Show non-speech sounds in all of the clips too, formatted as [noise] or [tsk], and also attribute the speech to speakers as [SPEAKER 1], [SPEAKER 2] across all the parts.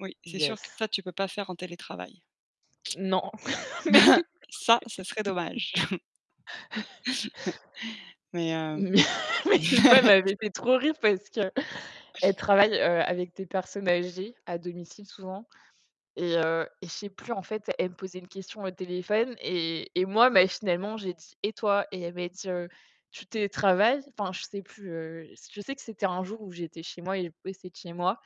[SPEAKER 1] Oui, c'est sûr que ça,
[SPEAKER 2] Yes.
[SPEAKER 1] tu peux pas faire en télétravail.
[SPEAKER 2] Non [laughs] mais
[SPEAKER 1] [chuckles] Ça, ça serait dommage. [chuckles]
[SPEAKER 2] [laughs]
[SPEAKER 1] [laughs] Mais
[SPEAKER 2] [laughs]
[SPEAKER 1] heu
[SPEAKER 2] Mais une fois elle
[SPEAKER 1] [laughs]
[SPEAKER 2] m'avait fait trop rire parce que elle travaille, heu, avec des personnes âgées à domicile souvent et heu et je sais plus en fait, elle me posait une question au téléphone et et moi, machinalement, j'ai dit: «Et toi?» et elle m'a dit, heu: «Tu télétravailles?» enfin, je sais plus, heu, je sais que c'était un jour où j'étais chez moi et je bossais de chez moi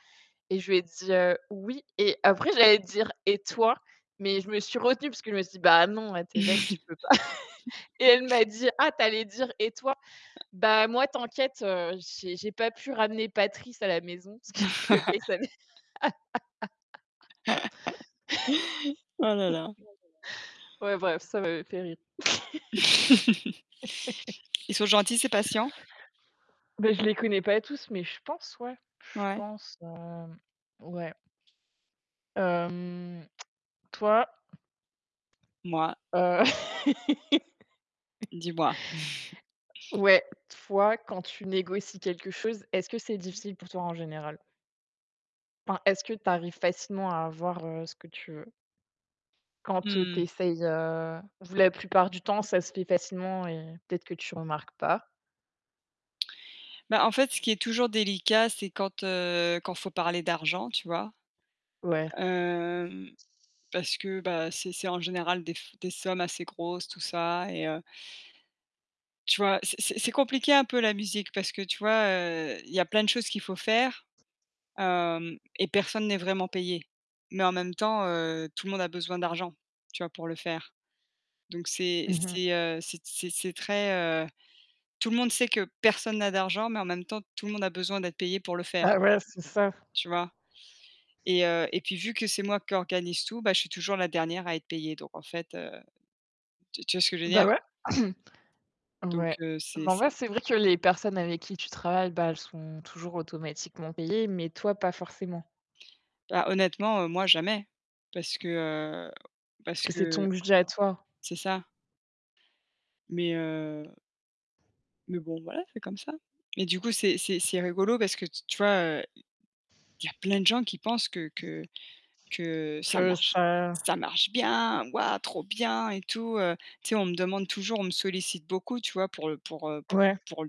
[SPEAKER 2] et je lui ai dit, heu: «Oui». Et après j'allais dire: «Et toi?» Mais je me suis retenue parce que je me suis dit: «Bah non, hé tu es bête, tu peux pas». [laughs] Et elle m'a
[SPEAKER 1] [chuckles]
[SPEAKER 2] dit: «Ah tu allais dire "et toi?" Ben moi, t'inquiète, heu, j'ai j'ai pas pu ramener Patrice à la maison». [laughs] Parce que le gars, il s'appelle [laughs]
[SPEAKER 1] [chuckles] [chuckles] Oh là, là.
[SPEAKER 2] Ouais bref, ça m'avait fait rire.
[SPEAKER 1] [chuckles]
[SPEAKER 2] [laughs]
[SPEAKER 1] Ils sont gentils ses patients?
[SPEAKER 2] Ben je les connais pas tous, mais je pense ouais, je
[SPEAKER 1] Ouais.
[SPEAKER 2] pense, heu, ouais. Hem [tsk] toi?
[SPEAKER 1] Mouah.
[SPEAKER 2] Heu [laughs]
[SPEAKER 1] Dis-moi. [chuckles]
[SPEAKER 2] Ouais, toi, quand tu négocies quelque chose, est-ce que c'est difficile pour toi en général? Enfin, est-ce que tu arrives facilement à avoir ce que tu veux quand, heu,
[SPEAKER 1] Mmh
[SPEAKER 2] tu
[SPEAKER 1] mh.
[SPEAKER 2] essayes, heu, [unintelligible] plupart du temps, ça se fait facilement et peut-être que tu remarques pas.
[SPEAKER 1] Bah en fait, ce qui est toujours délicat, c'est quand, heu quand il faut parler d'argent, tu vois?
[SPEAKER 2] Ouais.
[SPEAKER 1] Hem, parce que c'est c'est en général des des sommes assez grosses tout ça et heu, tu vois, c'est c'est compliqué un peu la musique parce que tu vois, heu, il y a plein de choses qu'il faut faire, hem, et personne n'est vraiment payé. Mais en même temps, heu, tout le monde a besoin d'argent, tu vois, pour le faire. Donc c'est
[SPEAKER 2] Mmh mh.
[SPEAKER 1] c'est heu, c'est c'est très heu, tout le monde sait que personne n'a d'argent, mais en même temps, tout le monde a besoin d'être payé pour le faire,
[SPEAKER 2] Bah ouais, c'est ça.
[SPEAKER 1] tu vois et heu et puis vu que c'est moi qui organise tout, bah je suis toujours la dernière à être payée. Donc en fait, heu, tu tu vois ce que je veux dire?
[SPEAKER 2] Bah ouais. [clears throat]
[SPEAKER 1] Donc
[SPEAKER 2] Ouais.
[SPEAKER 1] heu, c'est
[SPEAKER 2] Bah en vrai,
[SPEAKER 1] c'est
[SPEAKER 2] c'est vrai que les personnes avec qui tu travailles, bah elles sont toujours automatiquement payées, mais toi, pas forcément.
[SPEAKER 1] Bah honnêtement, moi jamais, parce que, heu,
[SPEAKER 2] Parce
[SPEAKER 1] parce
[SPEAKER 2] que c'est
[SPEAKER 1] que
[SPEAKER 2] ton budget à toi.
[SPEAKER 1] c'est ça. Mais heu mais bon, voilà, c'est comme ça. Et du coup, c'est c'est c'est rigolo parce que tu vois, heu, il y a plein de gens qui pensent que que que ça
[SPEAKER 2] Que
[SPEAKER 1] marche,
[SPEAKER 2] ça
[SPEAKER 1] ça marche bien, ouah trop bien et tout, heu, tu sais, on me demande toujours, on me sollicite beaucoup, tu vois, pour heu pour heu
[SPEAKER 2] Ouais.
[SPEAKER 1] pour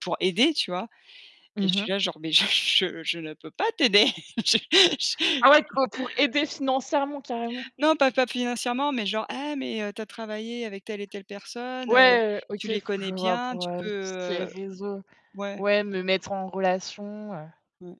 [SPEAKER 1] pour aider, tu vois? Et je
[SPEAKER 2] Mmh
[SPEAKER 1] suis
[SPEAKER 2] mh.
[SPEAKER 1] là, genre: «Mais je je ne peux pas t'aider!» [laughs] Je-je
[SPEAKER 2] Ah ouais,
[SPEAKER 1] je [chuckles]
[SPEAKER 2] co pour aider financièrement carrément!
[SPEAKER 1] Non pas pas financièrement, mais genre: «Hé mais tu as travaillé avec telle et telle personne,
[SPEAKER 2] Ouais, OK,
[SPEAKER 1] tu les connais
[SPEAKER 2] je vois
[SPEAKER 1] bien,
[SPEAKER 2] pour,
[SPEAKER 1] tu
[SPEAKER 2] heu,
[SPEAKER 1] peux,
[SPEAKER 2] tout ce qui est
[SPEAKER 1] heu»
[SPEAKER 2] réseau
[SPEAKER 1] ouais.
[SPEAKER 2] ouais, me mettre en relation, heu
[SPEAKER 1] Ouais.